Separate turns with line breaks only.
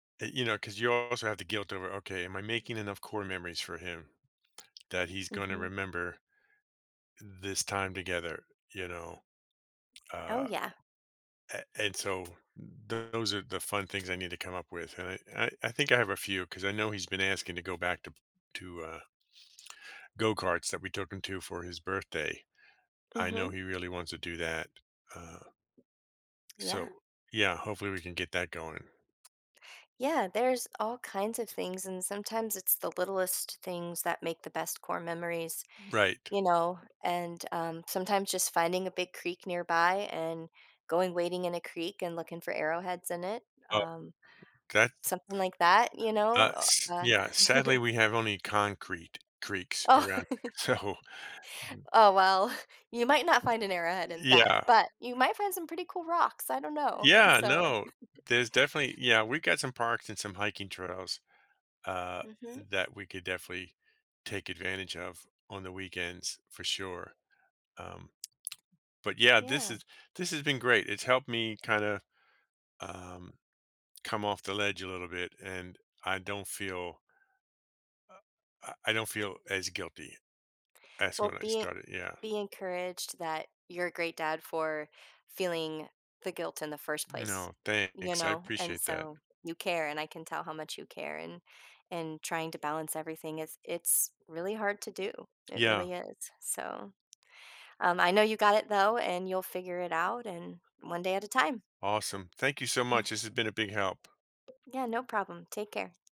Y you know, 'cause you also have the guilt over, "Okay, am I making enough core memories for him that he's gonna
Mhm.
remember this time together," you know?
Oh,
Uh,
yeah.
a and so, those are the fun things I need to come up with, and I and I I think I have a few 'cause I know he's been asking to go back to p to, uh go-karts that we took him to for his birthday. I know
Mhm.
he really wants to do that, uh
Yeah.
so, yeah, hopefully, we can get that going.
Yeah, there's all kinds of things, and sometimes, it's the littlest things that make the best core memories,
Right.
you know? And, um sometimes just finding a big creek nearby, and going wading in a creek, and looking for arrowheads in it,
Uh
um,
'kay.
something like that, you know,
Uh,
o
s
uh
yeah, sadly, we have only concrete creeks
Oh
around, so
Oh, well, you might not find an arrowhead in that,
Yeah.
but you might find some pretty cool rocks, I don't know,
Yeah,
so
no, there's definitely yeah, we've got some parks and some hiking trails, uh,
Mhm.
that we could definitely take advantage of on the weekends for sure. Um, but yeah, this
Yeah.
has this has been great. It's helped me kinda, um, come off the ledge a little bit, and I don't feel uh, uh, I don't feel as guilty as
Well,
when I
be e
started, yeah.
be encouraged that you're a great dad for feeling the guilt in the first place,
No,
you
thanks, I
know, and
appreciate that.
so, you care, and I can tell how much you care, and and trying to balance everything is it's really hard to do, it
Yeah.
really is, so, um, I know you got it though, and you'll figure it out, and one day at a time.
Awesome. Thank you so much, this has been a big help.
Yeah, no problem, take care.